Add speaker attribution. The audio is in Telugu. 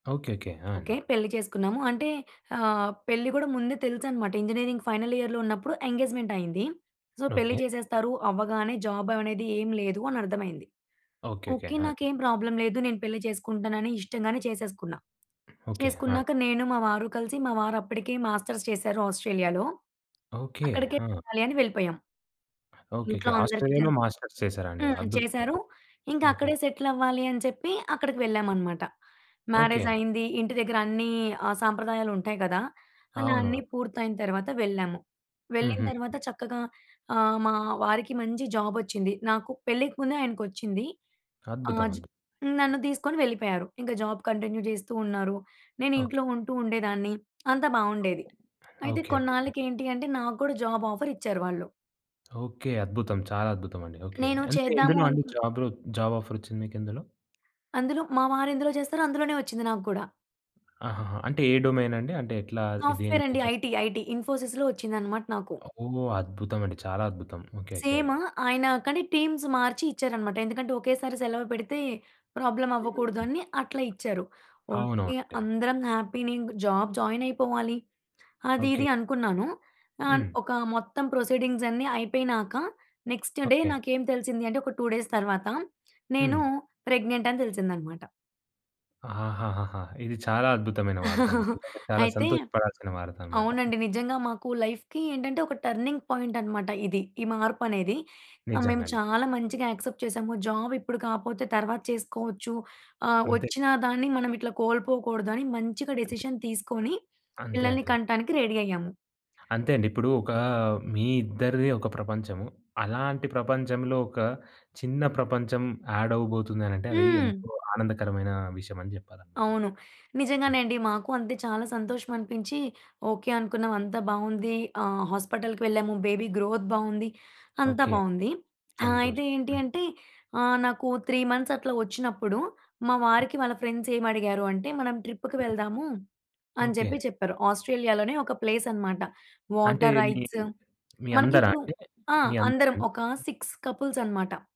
Speaker 1: ఓకే. ఓకే. ఆ! అండి.
Speaker 2: ఓకే. పెళ్లి చేసుకున్నాము. అంటే ఆహ్, పెళ్లి గూడా ముందే తెలుసనమాట. ఇంజినీరింగ్ ఫైనల్ ఇయర్‌లో ఉన్నప్పుడు ఎంగేజ్‌మెంటయింది. సో, పెళ్లి
Speaker 1: ఓకే.
Speaker 2: చేసేస్తారు అవ్వగానే, జాబవనేది ఏమి లేదు అనర్థమయింది.
Speaker 1: ఓకే. ఓకే.
Speaker 2: ఓకే.
Speaker 1: ఆ! అండి.
Speaker 2: నాకేం ప్రాబ్లమ్ లేదు. నేను పెళ్లి చేసుకుంటానని ఇష్టంగానే చేసేసుకున్నా.
Speaker 1: ఓకే. ఆ! అండి.
Speaker 2: చేసుకున్నాక నేను, మా వారు కలిసి మా వారప్పడికే మాస్టర్స్ చేశారు ఆస్ట్రేలియాలో.
Speaker 1: ఓకే.
Speaker 2: అక్కడికే
Speaker 1: ఆ!
Speaker 2: వెళ్ళాలి అని వెళ్ళిపోయాం.
Speaker 1: ఓకేకే.
Speaker 2: ఇంట్లో అందరికి
Speaker 1: ఆస్ట్రేలియాలో
Speaker 2: తెలుసు.
Speaker 1: మాస్టర్స్ చేశారా అండి?
Speaker 2: హ్మ్. ఆహ్,
Speaker 1: అద్భుతం.
Speaker 2: చేశారు.
Speaker 1: అద్భుతం.
Speaker 2: ఇంక
Speaker 1: ఓకే.
Speaker 2: అక్కడే సెటిలవ్వాలి అని చెప్పి, అక్కడికి వెళ్ళామనమాట.
Speaker 1: ఓకే.
Speaker 2: మ్యారేజయింది. ఇంటి దెగ్గరన్నీ ఆహ్, సాంప్రదాయాలుంటాయి గదా! అలా అన్నీ
Speaker 1: అవునవును.
Speaker 2: పూర్తయిన తర్వాత వెళ్ళాము. వెళ్ళిన
Speaker 1: హుహు.
Speaker 2: తర్వాత చక్కగా ఆహ్, మా వారికి మంచి జాబొచ్చింది. నాకు పెళ్ళికి ముందే ఆయనకొచ్చింది. ఆహ్, జ్
Speaker 1: అద్భుతమండి.
Speaker 2: నన్ను దీసుకొని వెళ్ళిపోయారు. ఇంగ జాబ్ కంటిన్యూ జేస్తూ ఉన్నారు. నేను
Speaker 1: ఓకే.
Speaker 2: ఇంట్లో ఉంటూ ఉండేదాన్ని. అంతా బావుండేది. అయితే,
Speaker 1: ఓకే. ఓకేకే.
Speaker 2: కొన్నాళ్ళకి ఏంటి అంటే, నాకు కూడా జాబాఫరిచ్చారు వాళ్ళు.
Speaker 1: ఓకే. అద్భుతం. చాలా అద్భుతమండి. ఓకే.
Speaker 2: నేను
Speaker 1: అంటే,
Speaker 2: చేద్దాము
Speaker 1: ఎందులో అండి
Speaker 2: అనుకున్
Speaker 1: జాబు? జాబాఫరొచ్చింది మీకెందులో?
Speaker 2: అందులో మా వారెందులో జేస్తారో అందులోనే ఒచ్చింది నాకు గూడా.
Speaker 1: ఆహాహ! అంటే ఏ డొమైనండి? అంటే, ఎట్లా ఎ దేని మీద
Speaker 2: సాఫ్ట్‌వెరండి.
Speaker 1: జ
Speaker 2: ఐటీ. ఐటీ. ఇన్‌ఫో‌సీస్‌లో ఒచ్చిందనమాట నాకు.
Speaker 1: ఒ ఓహ్! అద్భుతమండి. చాలా అద్భుతం. ఓకేకే.
Speaker 2: సేమ్. ఆయన కానీ, టీమ్స్ మార్చి ఇచ్చారనమాట. ఎందుకంటే, ఒకేసారి సెలవ పెడితే
Speaker 1: మీరు
Speaker 2: ప్రాబ్లమవ్వకూడదు
Speaker 1: హ్మ్.
Speaker 2: అని అట్లా ఇచ్చారు. ఓకే.
Speaker 1: అవునవునండి.
Speaker 2: అందరం హ్యాపీనే ఇంగ జాబ్ జాయినయిపోవాలి, అది,
Speaker 1: ఓకే.
Speaker 2: ఇది అనుకున్నాను. ఆహ్,
Speaker 1: హ్మ్.
Speaker 2: ఒకా మొత్తం ప్రొసీడింగ్సన్ని అయిపోయినాక, నెక్స్ట్ డే
Speaker 1: ఓకే.
Speaker 2: నాకేం తెలిసింది అంటే, ఒక 2 డేస్ తర్వాత నేనూ
Speaker 1: హ్మ్.
Speaker 2: ప్రెగ్నెంటని తెలిసిందనమాట.
Speaker 1: ఆహాహాహాహా! ఇది చాలా అద్భుతమైన వార్తండి. చాలా
Speaker 2: అయితే
Speaker 1: సంతోష పడాల్సిన వార్తనమాట.
Speaker 2: అవునండి. నిజ్జంగా మాకు లైఫ్‌కి ఏంటంటే, ఒక టర్నింగ్ పాయింటనమాట ఇది. ఈ మార్పనేది. ఆహ్, మేము
Speaker 1: నిజంగండి.
Speaker 2: చాలా మంచిగా యాక్సెప్ట్ చేశాము. జాబిప్పుడు కాపోతే తర్వాత చేసుకోవచ్చు, ఆహ్,
Speaker 1: అంతే.
Speaker 2: ఒచ్చిన దాన్ని మనమిట్లా కోల్పోకూడదని మంచిగా
Speaker 1: అంతే.
Speaker 2: డెసిషన్ తీసుకోని,
Speaker 1: అంతే.
Speaker 2: పిల్లలని
Speaker 1: అంతే.
Speaker 2: కంటానికి రెడీ అయ్యాము.
Speaker 1: అంతే అండి. ఇప్పుడు ఒకా మీ ఇద్దరిది ఒక ప్రపంచము. అలాంటి ప్రపంచంలో, ఒక చిన్న ప్రపంచం యాడవ్వబోతుంది అనంటే, అదీ
Speaker 2: హ్మ్.
Speaker 1: ఎంతో ఆనందకరమైన విషయమని చెప్పాలనమాట మనం.
Speaker 2: అవును. నిజంగానే
Speaker 1: హ్మ్.
Speaker 2: అండి. మాకు అంతే. చాలా సంతోషమనిపించి, ఓకే అనుకున్నాం. అంతా బావుంది. ఆహ్, హాస్పిటల్‌కి వెళ్ళాము. బేబీ గ్రోత్ బావుంది. అంతా
Speaker 1: ఓకే.
Speaker 2: బావుంది. ఆహ్, అయితే
Speaker 1: సంతోషం.
Speaker 2: ఏంటి
Speaker 1: హ్మ్.
Speaker 2: అంటే, ఆహ్, నాకూ 3 మంత్సట్లా ఒచ్చినప్పుడు, మా వారికి వాళ్ళ ఫ్రెండ్సేమడిగారు అంటే, మనం ట్రిప్పుకి
Speaker 1: హ్మ్,
Speaker 2: వెళ్దాము
Speaker 1: హ్మ్.
Speaker 2: అని
Speaker 1: ఓకే.
Speaker 2: జెప్పి చెప్పారు. ఆస్ట్రేలియాలోనే ఒక ప్లేసనమాట.
Speaker 1: అంటే
Speaker 2: వాటర్
Speaker 1: మీ
Speaker 2: రైట్స్.
Speaker 1: మీ
Speaker 2: మనకి
Speaker 1: అందరా
Speaker 2: ఇప్పుడు
Speaker 1: అండి?
Speaker 2: ఆ!
Speaker 1: మీ
Speaker 2: అందరం
Speaker 1: అందరాండి?
Speaker 2: ఒకా 6 కపుల్సనమాట.